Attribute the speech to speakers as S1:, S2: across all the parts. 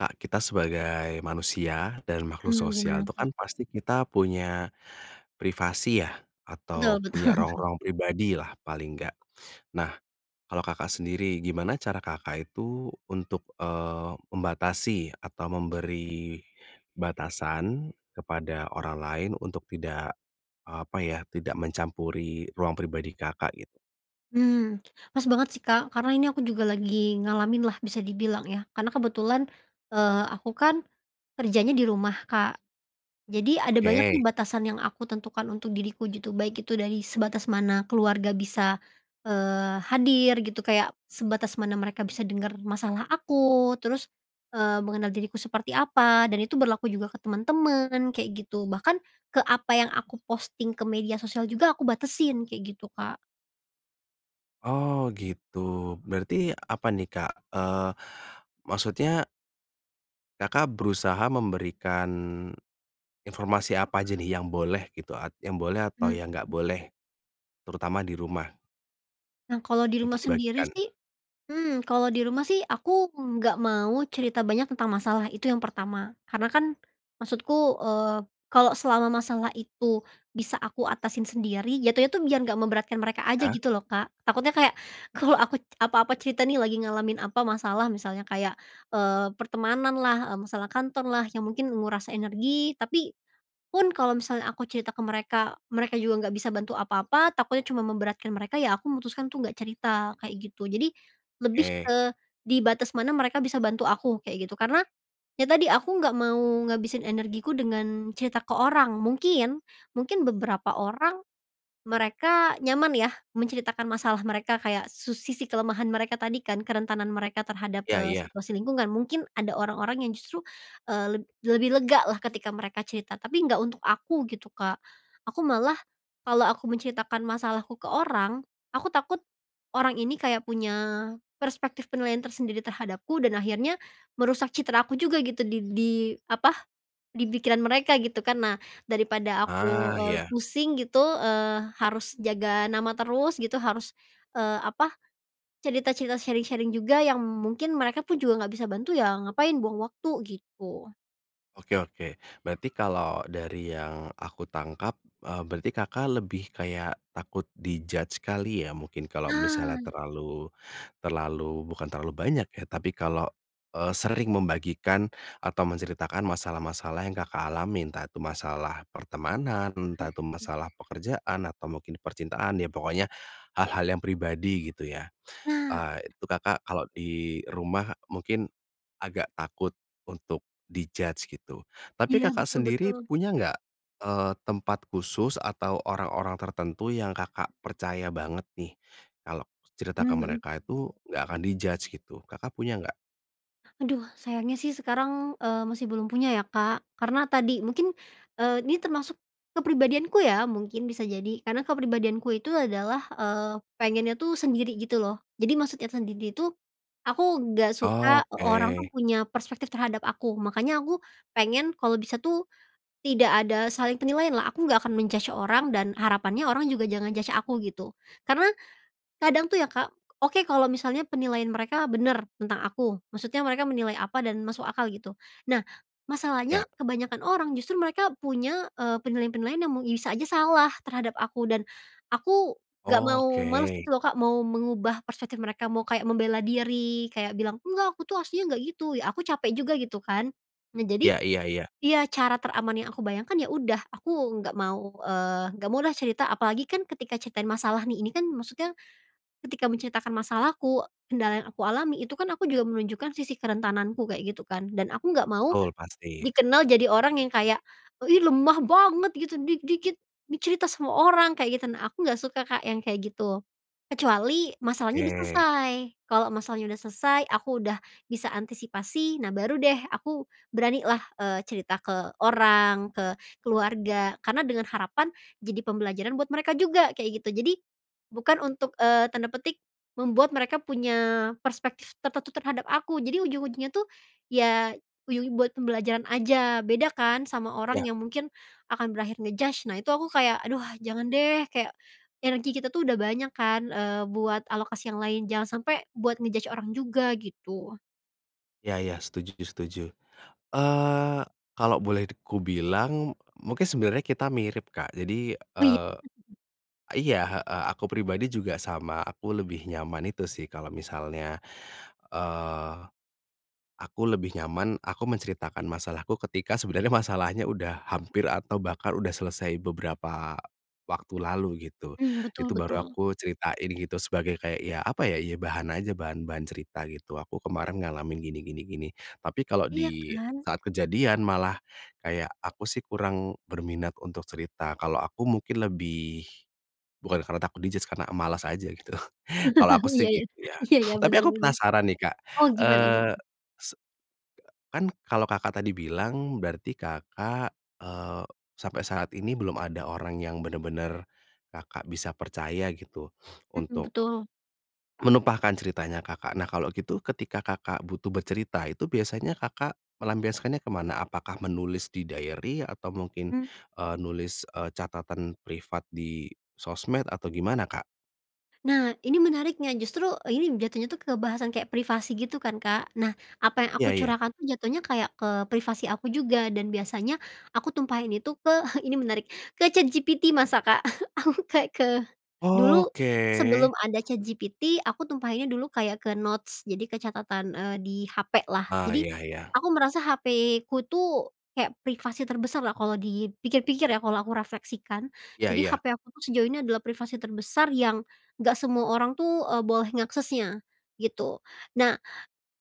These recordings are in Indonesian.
S1: Kak, kita sebagai manusia dan makhluk
S2: Mmm, gimana
S1: sosial itu
S2: tuh?
S1: kan pasti kita punya privasi ya? Atau
S2: Betul-betul.
S1: punya ruang-ruang pribadilah paling enggak, nah kalau Kakak sendiri gimana cara Kakak itu untuk, eee, membatasi atau memberi, batasan kepada orang lain untuk tidak, eee, apa ya tidak mencampuri ruang pribadi Kakak gitu?
S2: Mmm, pas banget sih, Kak, karena ini aku juga lagi ngalamin lah bisa dibilang ya karena kebetulan, eee, aku kan, kerjanya di rumah, Kak, jadi ada banyak nih
S1: Oke.
S2: batasan yang aku tentukan untuk diriku gitu baik itu dari sebatas mana keluarga bisa, eee, hadir gitu kayak sebatas mana mereka bisa dengar masalah aku terus, eee, mengenal diriku seperti apa? Dan itu berlaku juga ke teman-teman kayak gitu bahkan, ke apa yang aku posting ke media sosial juga aku batasin kayak gitu, Kak.
S1: Oh gitu berarti apa nih, Kak? Eee, maksudnya Kakak berusaha memberikan, informasi apa aja nih yang boleh gitu at yang boleh atau
S2: Mmm,
S1: yang enggak
S2: mhm.
S1: boleh, terutama di rumah
S2: Nah kalau di rumah
S1: untuk
S2: sendiri
S1: dibagikan.
S2: sih, mmm, kalau di rumah sih aku nggak mau cerita banyak tentang masalah itu yang pertama karena kan, maksudku, eee, kalau selama masalah itu bisa aku atasin sendiri jatuhnya itu biar gak memberatkan mereka aja
S1: Iya.
S2: gitu loh, Kak, takutnya kayak kalau aku apa-apa cerita nih lagi ngalamin apa masalah misalnya kayak, eee, pertemananlah, eee, masalah kantorlah yang mungkin menguras energi tapi, pun kalau misalnya aku cerita ke mereka mereka juga nggak bisa bantu apa-apa takutnya cuma memberatkan mereka ya aku memutuskan tuh nggak cerita kayak gitu jadi, lebih
S1: Oke.
S2: ke di batas mana mereka bisa bantu aku kayak gitu karena, ya tadi aku gak mau ngabisin energiku dengan cerita ke orang mungkin mungkin beberapa orang, mereka nyaman ya menceritakan masalah mereka kayak su sisi kelemahan mereka tadi kan kerentanan mereka terhadap,
S1: Iya
S2: eee,
S1: iya.
S2: situasi lingkungan mungkin ada orang-orang yang justru, eee, leb lebih legalah ketika mereka cerita tapi nggak untuk aku gitu, Kak, aku malah, kalau aku menceritakan masalahku ke orang, aku takut, orang ini kayak punya perspektif penilaian tersendiri terhadapku dan akhirnya merusak citra aku juga gitu di di apa? Di pikiran mereka gitu kan nah daripada aku,
S1: Ah,
S2: eee,
S1: Iya.
S2: pusing gitu, eee, harus jaga nama terus gitu harus, eee, apa? Cerita-cerita sharing-sharing juga yang mungkin mereka pun juga nggak bisa bantu ya ngapain buang waktu gitu.
S1: Oke oke berarti kalau dari yang aku tangkap, eee, berarti Kakak lebih kayak takut di-judge kali ya? Mungkin kalau misalnya
S2: Nah.
S1: terlalu, terlalu bukan terlalu banyak ya tapi kalau, eee, sering membagikan atau menceritakan masalah-masalah yang Kakak alamin entah itu masalah pertemanan entah itu
S2: Mhm.
S1: masalah pekerjaan atau mungkin percintaan ya pokoknya hal-hal yang pribadi gitu ya,
S2: Nah.
S1: eee, itu Kakak kalau di rumah mungkin, agak takut untuk di-judge gitu tapi
S2: Iya
S1: Kakak
S2: betul
S1: sendiri
S2: betul.
S1: punya nggak, eee, tempat khusus atau orang-orang tertentu yang Kakak percaya banget nih kalau cerita ke
S2: Mmm, mhm.
S1: mereka itu nggak akan di-judge gitu Kakak punya nggak?
S2: Aduh sayangnya sih sekarang, eee, masih belum punya ya, Kak, karena tadi mungkin, eee, ini termasuk, kepribadianku ya mungkin bisa jadi karena kepribadianku itu adalah, eee, pengennya tuh sendiri gitu loh jadi maksudnya sendiri itu, aku gak suka orang
S1: Oke.
S2: tuh punya perspektif terhadap aku makanya aku pengen kalau bisa tuh, tidak ada saling penilaian lah aku gak akan men-judge orang dan harapannya orang juga jangan judge aku gitu karena, kadang tuh ya, Kak, oke kalau misalnya penilaian mereka bener tentang aku maksudnya mereka menilai apa dan masuk akal gitu, nah masalahnya
S1: Iya.
S2: kebanyakan orang justru mereka punya, eee, penilaian-penilaian yang mu bisa aja salah terhadap aku dan, aku gak
S1: Oke.
S2: mau males gitu loh, Kak, mau mengubah perspektif mereka mau kayak membela diri kayak bilang, "Enggak aku tuh aslinya gak gitu" ya aku capek juga gitu kan, nah jadi
S1: Ya iya-iya.
S2: iya cara teraman yang aku bayangkan ya udah aku nggak mau, eee, gak mau deh cerita apalagi kan ketika ceritain masalah nih ini kan maksudnya, ketika menceritakan masalahku kendala yang aku alami itu kan aku juga menunjukkan sisi kerentananku kayak gitu kan dan aku gak mau,
S1: Betul, pasti.
S2: dikenal jadi orang yang kayak, "Ih, lemah banget gitu dikit-dikit dicerita sama orang" kayak gitu nah aku gak suka, Kak, yang kayak gitu, kecuali masalahnya udah
S1: Oke.
S2: selesai, kalau masalahnya udah selesai aku udah bisa antisipasi nah baru deh aku beranilah, eee, cerita ke orang, ke keluarga karena dengan harapan jadi pembelajaran buat mereka juga kayak gitu jadi, bukan untuk, eee, tanda petik membuat mereka punya perspektif tertentu terhadap aku jadi ujung-ujungnya tuh, ya uju buat pembelajaran aja beda kan sama orang
S1: Iya.
S2: yang mungkin, akan berakhir nge-judge nah itu aku kayak, "Aduh jangan deh," kayak, energi kita tuh udah banyak kan, eee, buat alokasi yang lain jangan sampai buat nge-judge orang juga gitu.
S1: Iya iya setuju setuju, eee, kalau boleh d kubilang mungkin sebenarnya kita mirip, Kak, jadi,
S2: Oh iya.
S1: eee, iya, heeh, aku pribadi juga sama aku lebih nyaman itu sih kalau misalnya, eee, aku lebih nyaman aku menceritakan masalahku ketika sebenarnya masalahnya udah hampir atau bahkan udah selesai beberapa waktu lalu gitu,
S2: Mmm, betul
S1: itu baru
S2: betul.
S1: aku ceritain gitu sebagai kayak ya apa ya? Ya bahan aja bahan-bahan cerita gitu, "Aku kemarin ngalamin gini gini gini," tapi kalau
S2: Iya
S1: di
S2: kan?
S1: saat kejadian malah kayak aku sih kurang berminat untuk cerita kalau aku mungkin lebih, bukan karena takut di-judge karena malas aja gitu kalau aku sih
S2: Iya iya,
S1: gitu ya.
S2: iya iya
S1: Tapi
S2: bener
S1: aku
S2: bener,
S1: penasaran nih, Kak,
S2: oh gimana
S1: eee,
S2: gimana?
S1: se kan kalau Kakak tadi bilang berarti Kakak, eee, sampai saat ini belum ada orang yang benar-benar Kakak bisa percaya gitu
S2: Mhm,
S1: untuk
S2: betul.
S1: menumpahkan ceritanya Kakak nah kalau gitu ketika Kakak butuh bercerita itu biasanya Kakak, melampiaskannya ke mana? Apakah menulis di diary atau mungkin,
S2: Mmm.
S1: eee, nulis, eee, catatan privat di sosmed atau gimana, Kak?
S2: Nah ini menariknya justru ini jatuhnya tuh ke bahasan kayak privasi gitu kan, Kak, nah apa yang
S1: Iya
S2: aku
S1: iya.
S2: curahkan tuh jatuhnya kayak ke privasi aku juga dan biasanya aku tumpahin itu ke ini menarik ke ChatGPT masa, Kak, aku kayak ke, dulu sebelum
S1: Oke.
S2: ada ChatGPT aku tumpahinnya dulu kayak ke notes jadi ke catatan, eee, di hapelah
S1: Oh
S2: jadi,
S1: iya iya.
S2: aku merasa hapeku tuh kayak privasi terbesarlah kalau dipikir-pikir ya kalau aku refleksikan
S1: Iya
S2: jadi
S1: iya.
S2: hape aku tuh sejauh ini adalah privasi terbesar yang nggak semua orang tuh, eee, boleh ngaksesnya, gitu nah,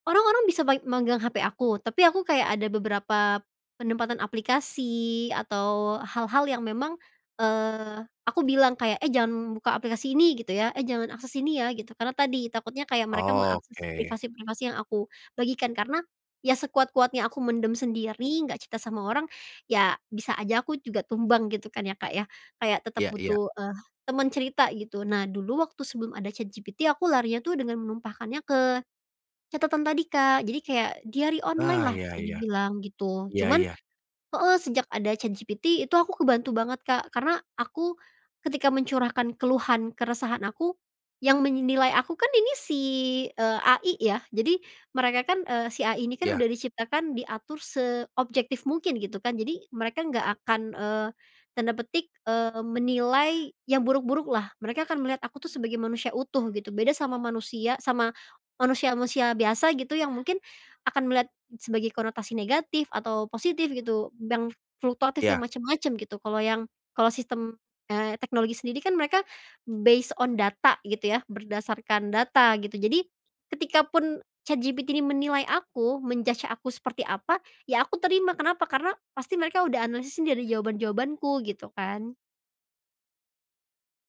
S2: orang-orang bisa bai megang hape aku tapi aku kayak ada beberapa, penempatan aplikasi atau hal-hal yang memang, eee, aku bilang kayak, "Eh, jangan buka aplikasi ini gitu ya," "eh, jangan akses ini ya" gitu karena tadi takutnya kayak mereka mengakses
S1: Oke.
S2: privasi-privasi yang aku bagikan karena, ya sekuat-kuatnya aku mendem sendiri gak cerita sama orang, ya bisa aja aku juga tumbang gitu kan ya, Kak, ya kayak tetap
S1: Iya iya.
S2: butuh, eee, teman cerita gitu nah dulu waktu sebelum ada ChatGPT aku larinya tuh dengan menumpahkannya ke catatan tadi, Kak, Jadi kayak diary online
S1: Nah
S2: lah
S1: iya
S2: bisa
S1: iya,
S2: dibilang gitu
S1: iya
S2: cuman
S1: iya.
S2: heeh, sejak ada ChatGPT itu aku kebantu banget, Kak, karena aku, ketika mencurahkan keluhan keresahan aku, yang menilai aku kan ini si, eee, AI ya? Jadi mereka kan, eee, si AI ini kan
S1: Iya.
S2: udah diciptakan diatur seobjektif mungkin gitu kan jadi mereka nggak akan, eee, tanda petik, eee, menilai yang buruk-buruklah mereka akan melihat aku tuh sebagai manusia utuh gitu beda sama manusia sama manusia manusia biasa gitu yang mungkin akan melihat sebagai konotasi negatif atau positif gitu dang fluktuatif yang
S1: Iya.
S2: macem-macem gitu kalau yang, kalau sistem, eee, teknologi sendiri kan mereka, based on data gitu ya berdasarkan data gitu jadi, ketika pun ChatGPT ini menilai aku men-judge aku seperti apa ya aku terima kenapa? Karena pasti mereka udah analisis ini dari jawaban-jawabanku gitu kan.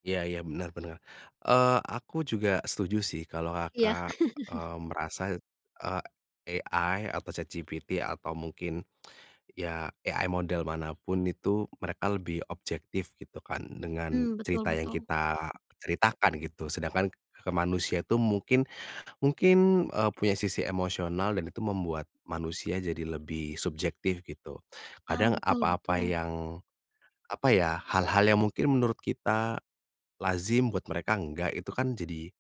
S1: Iya iya benar benar, eee, aku juga setuju sih kalau
S2: Iya.
S1: Kakak, eee, merasa, eee, AI atau ChatGPT atau mungkin, ya AI model mana pun itu mereka lebih objektif gitu kan dengan
S2: Mmm, betul
S1: cerita yang
S2: betul.
S1: kita ceritakan gitu sedangkan ke manusia itu mungkin mungkin, eee, punya sisi emosional dan itu membuat manusia jadi lebih subjektif gitu,
S2: Ah,
S1: kadang
S2: betul
S1: apa-apa
S2: betul.
S1: yang, apa ya? Hal-hal yang mungkin menurut kita, lazim buat mereka enggak itu kan jadi,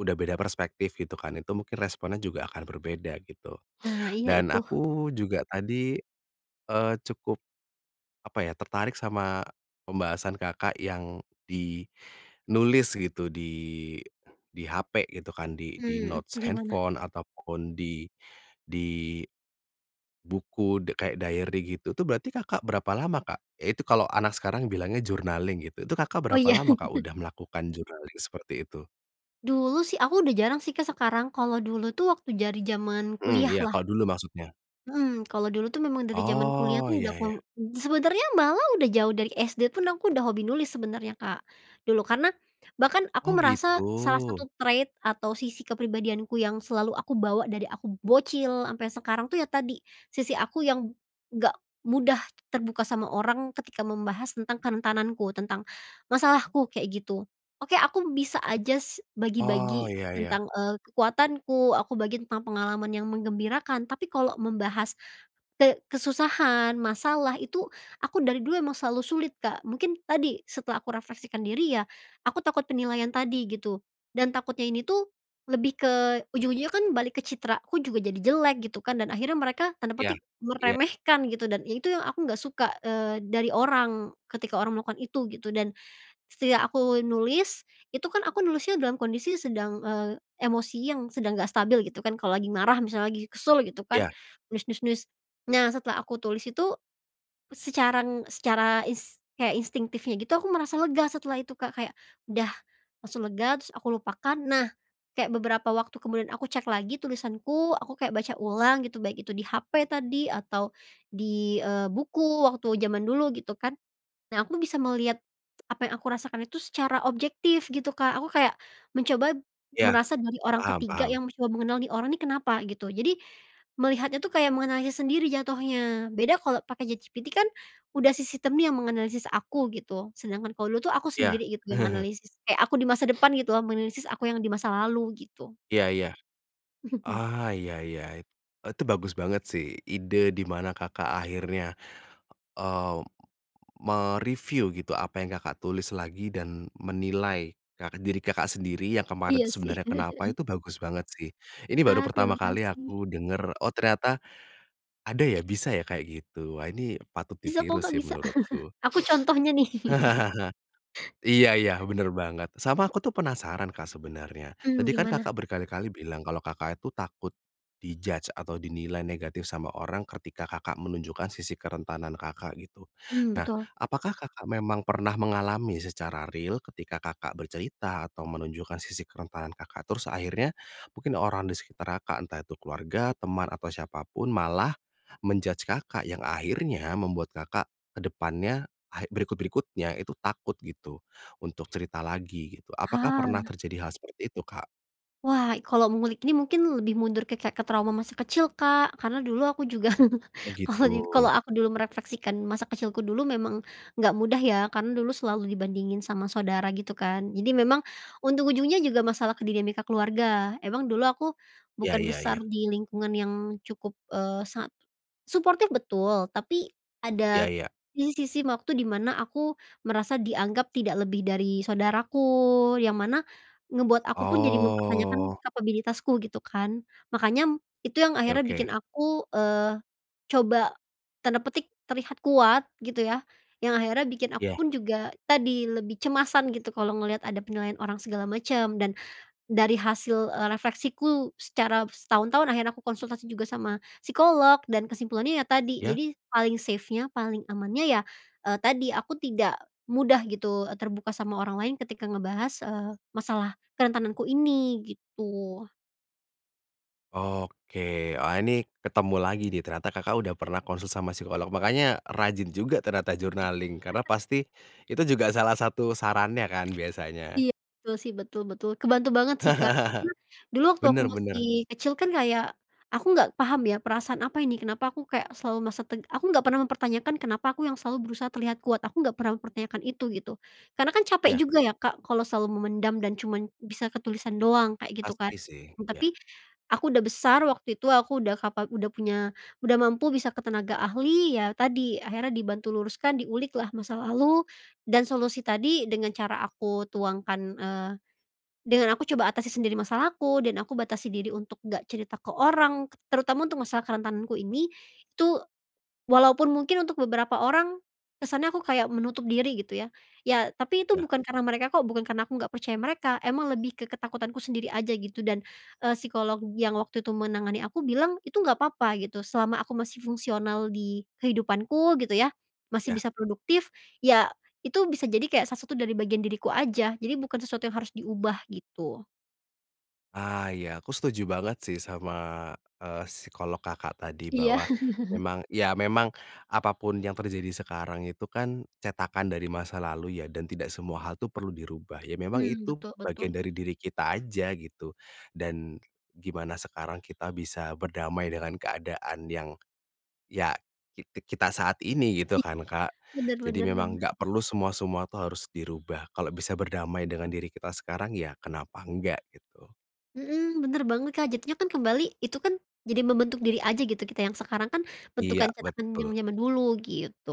S1: udah beda perspektif gitu kan itu mungkin responnya juga akan berbeda gitu,
S2: Nah iya
S1: dan
S2: itu.
S1: aku juga tadi, eee, cukup. Apa ya? Tertarik sama, pembahasan Kakak yang di nulis gitu di di hape gitu kan di di
S2: Mmm,
S1: notes
S2: gimana?
S1: handphone ataupun di di buku de kayak diary gitu itu berarti Kakak berapa lama, Kak? Iya itu kalo anak sekarang bilangnya journaling gitu itu Kakak
S2: Oh
S1: berapa
S2: iya.
S1: lama, Kak, udah melakukan journaling seperti itu?
S2: Dulu sih aku udah jarang sih, Kak, sekarang kalau dulu tuh waktu dari zaman
S1: Mmm,
S2: kuliah
S1: iya
S2: lah.
S1: kalo dulu maksudnya?
S2: Mmm, kalau dulu tuh memang dari zaman kuliah
S1: Oh
S2: tuh udah
S1: iya ya.
S2: aku sebenernya malah udah jauh dari SD pun aku udah hobi nulis sebenernya, Kak, dulu karena bahkan aku
S1: Oh
S2: merasa salah
S1: gitu.
S2: satu trade atau sisi kepribadianku yang selalu aku bawa dari aku bocil ampe sekarang tuh ya tadi, sisi aku yang, gak mudah terbuka sama orang ketika membahas tentang kerentananku tentang masalahku kayak gitu, oke aku bisa aja s
S1: Oh
S2: bagi-bagi
S1: iya iya.
S2: tentang, eee, kekuatanku, aku bagi tentang pengalaman yang menggembirakan tapi kalau membahas, te kesusahan, masalah, itu aku dari dulu emang selalu sulit, Kak, mungkin tadi setelah aku refleksikan diri ya, aku takut penilaian tadi gitu, dan takutnya ini tuh, lebih ke ujung-ujungnya kan balik ke citra aku juga jadi jelek gitu kan dan akhirnya mereka tanda
S1: Iya
S2: petik
S1: iya.
S2: meremehkan gitu dan itu yang aku nggak suka, eee, dari orang, ketika orang melakukan itu gitu dan, setidak aku nulis itu kan aku nulisnya dalam sedang, eee, emosi yang sedang nggak stabil gitu kan kalo lagi marah misalnya lagi kesel gitu kan
S1: Iya.
S2: nulis nulis nulis, nah setelah aku tulis itu, secara en secara is kayak instingtifnya gitu aku merasa lega setelah itu, Kak, kayak, udah langsung lega terus aku lupakan nah, kayak beberapa waktu kemudian aku cek lagi tulisanku aku kayak baca ulang gitu baik itu di hape tadi atau di, eee, buku waktu zaman dulu gitu kan, nah aku bisa melihat, apa yang aku rasakan itu secara objektif gitu, Kak, aku kayak mencoba,
S1: Iya,
S2: merasa jadi orang
S1: paham
S2: ketiga
S1: paham.
S2: yang mencoba mengenal nih orang ini kenapa? Gitu jadi, melihatnya tuh kayak menganalisis sendiri jatuhnya beda kalau pakai ChatGPT kan udah si sistem nih yang menganalisis aku gitu sedangkan kalau dulu tuh aku
S1: Iya.
S2: sendiri gitu yang menganalisis kayak aku di masa depan gitu loh menganalisis aku yang di masa lalu gitu.
S1: Iya iya, ah, iya iya. E itu bagus banget sih ide di mana Kakak akhirnya, eee, me-review gitu apa yang Kakak tulis lagi dan menilai ka diri Kakak sendiri yang kemarin tuh
S2: Iya sih.
S1: sebenarnya kenapa itu bagus banget sih ini baru
S2: Ah,
S1: pertama
S2: terima
S1: kali
S2: kasih.
S1: aku dengar oh ternyata, ada ya bisa ya kayak gitu wah ini patut
S2: Bisa kok,
S1: ditiru
S2: Kak,
S1: sih
S2: bisa
S1: menurutku.
S2: aku contohnya nih.
S1: Iya iya bener banget sama aku tuh penasaran, Kak, sebenarnya
S2: Mmm,
S1: tadi kan
S2: gimana?
S1: Kakak berkali-kali bilang kalau Kakak itu takut, di-judge atau dinilai negatif sama orang ketika Kakak menunjukkan sisi kerentanan Kakak gitu,
S2: Mmm,
S1: nah
S2: betul.
S1: apakah Kakak memang pernah mengalami secara real ketika Kakak bercerita atau menunjukkan sisi kerentanan Kakak terus akhirnya mungkin orang di sekitar Kakak entah itu keluarga, teman atau siapa pun malah, men-judge Kakak yang akhirnya membuat Kakak ke depannya ha berikut-berikutnya itu takut gitu untuk cerita lagi gitu apakah pernah
S2: Hah.
S1: terjadi hal seperti itu, Kak?
S2: Wah kalau mengulik ini mungkin lebih mundur ke kayak trauma masa kecil, Kak, karena dulu aku juga
S1: Oh
S2: kalau ni
S1: gitu.
S2: kalau aku dulu merefleksikan masa kecilku dulu memang nggak mudah ya karena dulu selalu dibandingin sama saudara gitu kan jadi memang untung ujungnya juga masalah ke dinamika keluarga emang dulu aku,
S1: Iya
S2: bukan
S1: iya
S2: besar
S1: iya.
S2: di lingkungan yang cukup, eee, sangat, suportif betul tapi,
S1: Iya
S2: ada,
S1: iya.
S2: di sisi waktu di mana aku merasa dianggap tidak lebih dari saudaraku yang mana, ngebuat aku pun jadi mempertanyakan
S1: Oh.
S2: kapabilitasku gitu kan, makanya itu yang
S1: Ya
S2: akhirnya bikin
S1: oke.
S2: aku, eee, coba, tanda petik terlihat kuat gitu ya yang akhirnya bikin aku
S1: Ya.
S2: pun juga tadi lebih cemasan gitu kalau ngelihat ada penilaian orang segala macam dan dari hasil, eee, refleksiku secara setahun-tahun akhirnya aku konsultasi juga sama psikolog dan kesimpulannya ya tadi
S1: Ya?
S2: jadi paling safe-nya paling amannya ya, eee, tadi aku tidak mudah gitu, eee, terbuka sama orang lain ketika ngebahas, eee, masalah kerentananku ini gitu.
S1: Oke wah ini ketemu lagi nih ternyata Kakak udah pernah konsul sama psikolog makanya rajin juga ternyata journaling karena pasti, itu juga salah satu sarannya kan biasanya.
S2: Iya betul sih betul betul kebantu banget sih, Kak, karena dulu waktu aku
S1: Bener
S2: masih
S1: bener.
S2: kecil kan kayak, aku nggak paham ya perasaan apa ini kenapa aku kayak selalu merasa teg aku nggak pernah mempertanyakan kenapa aku yang selalu berusaha terlihat kuat aku nggak pernah mempertanyakan itu gitu, karena kan capek
S1: Iya.
S2: juga ya, Kak, kalau selalu memendam dan cuman bisa ke tulisan doang kayak gitu kan,
S1: Pasti sih,
S2: mmm,
S1: iya.
S2: tapi aku udah besar waktu itu aku udah kapal udah punya udah mampu bisa ke tenaga ahli ya tadi akhirnya dibantu luruskan diuliklah masa lalu, dan solusi tadi dengan cara aku tuangkan, eee, dengan aku coba atasi sendiri masalahku dan aku batasi diri untuk nggak cerita ke orang terutama untuk masalah kerentananku ini tuh, walaupun mungkin untuk beberapa orang, kesannya aku kayak menutup diri gitu ya ya tapi itu
S1: Iya.
S2: bukan karena mereka kok bukan karena aku nggak percaya mereka emang lebih ke ketakutanku sendiri aja gitu dan, eee, psikolog yang waktu itu menangani aku bilang itu nggak apa-apa gitu selama aku masih fungsional di kehidupanku gitu ya, masih
S1: Iya.
S2: bisa produktif ya itu bisa jadi kayak salah satu dari bagian diriku aja jadi bukan sesuatu yang harus diubah gitu.
S1: Ah, iya aku setuju banget sih sama, eee, psikolog Kakak tadi
S2: Iya.
S1: bahwa, memang ya memang apa pun yang terjadi sekarang itu kan cetakan dari masa lalu ya? Dan tidak semua hal itu perlu dirubah ya memang
S2: Mmm,
S1: itu
S2: betul
S1: bagian
S2: betul.
S1: dari diri kita aja gitu, dan gimana sekarang kita bisa berdamai dengan keadaan yang, ya, ki kita saat ini gitu
S2: Iya,
S1: kan, Kak,
S2: bener
S1: jadi
S2: bener
S1: memang
S2: bener.
S1: nggak perlu semua-semua tuh harus dirubah kalau bisa berdamai dengan diri kita sekarang ya kenapa nggak gitu.
S2: Mhm, bener banget, Kak, jatuhnya kan kembali itu kan, jadi membentuk diri aja gitu kita yang sekarang kan bentukan
S1: Iya
S2: cetakan yang
S1: betul.
S2: jaman-jaman dulu gitu.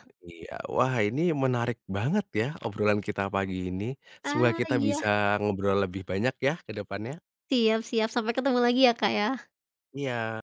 S1: Oh iya wah ini menarik banget ya obrolan kita pagi ini, semoga
S2: Ah,
S1: kita
S2: iya.
S1: bisa ngobrol lebih banyak ya ke depannya.
S2: Siap siap sampai ketemu lagi ya, Kak, ya.
S1: Iya.